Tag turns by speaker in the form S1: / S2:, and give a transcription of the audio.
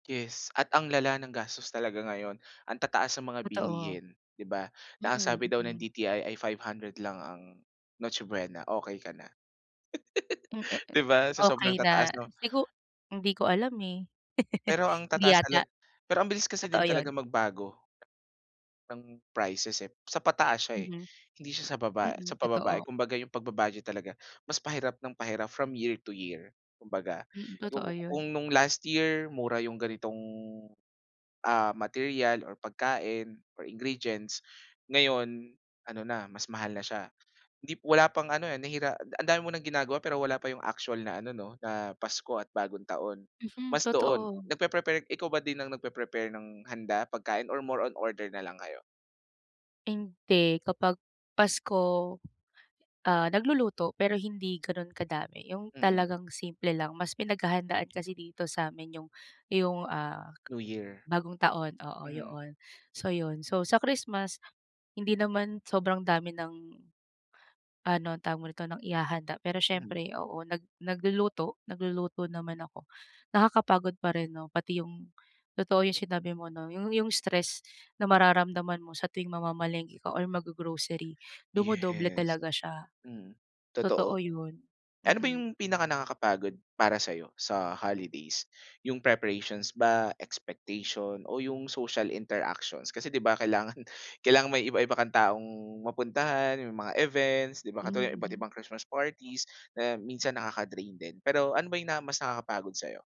S1: Yes. At ang lala ng gastos talaga ngayon. Ang tataas ng mga
S2: Totoo.
S1: bilihin, di ba? Na ang sabi
S2: Mm,
S1: daw ng
S2: mm.
S1: DTI ay 500 lang ang Noche Buena, okay ka na.
S2: Mm, eh
S1: Di
S2: eh,
S1: ba? Sa sobrang
S2: okay na.
S1: tataas 'no?
S2: Sigu hindi ko alam eh.
S1: Pero ang
S2: Hindi
S1: tataas
S2: yata.
S1: tala pero ang bilis kasi din
S2: Totoo
S1: talaga
S2: 'yon.
S1: magbago ng prices eh. Sa pataas siya eh,
S2: Mm.
S1: hindi siya sa baba
S2: Mm,
S1: sa pababa eh.
S2: totoo.
S1: Kumbaga yung pagba-budget talaga mas pahirap ng pahirap from year to year kumbaga.
S2: Mm. Totoo
S1: Ku
S2: yun.
S1: kung nung last year mura yung ganitong, ah, material, or pagkain, or ingredients, ngayon ano na mas mahal na siya. Hindi p wala pang ano eh, nahira ang dami mo nang ginagawa pero wala pa yung actual na ano 'no, na Pasko at Bagong Taon,
S2: Mhm.
S1: mas doon.
S2: Totoo.
S1: Nagpe-prepare ikaw ba din ang nagpe-prepare ng handa, pagkain, or more on order nalang kayo?
S2: Hindi. Kapag Pasko ah, nagluluto, pero hindi ganun kadami. Yung
S1: Mhm.
S2: talagang simple lang. Mas pinaghahandaan kasi dito sa 'min yung yung ah,
S1: New Year.
S2: Bagong Taon. Oo, yo
S1: Mhm.
S2: 'on. So yun. So sa Christmas, hindi naman sobrang dami ng ano, tawag mo nito, ng ihahanda. Pero
S1: Mhm.
S2: siyempre, oo, nag nagluluto nagluluto naman ako. Nakakapagod pa rin 'no? Pati yung totoo yung sinabi mo 'no? Yung yung stress na mararamdaman mo sa tuwing mamamalengke ka or mag-go-grocery, dumodoble
S1: Yes.
S2: talaga siya.
S1: Mm, totoo.
S2: Totoo yun.
S1: Eh ano ba
S2: Mhm.
S1: yung pinakanakakapagod para sayo sa holidays? Yung preparations ba, expectation, o yung social interactions? Kasi, 'di ba kailangan kailangan may iba-iba kang taong mapuntahan, yung mga events, di ba? Katulad ng
S2: Mm.
S1: iba-ibang Christmas parties, na minsan nakaka-drain din. Pero ano ba yung na mas nakakapagod sayo?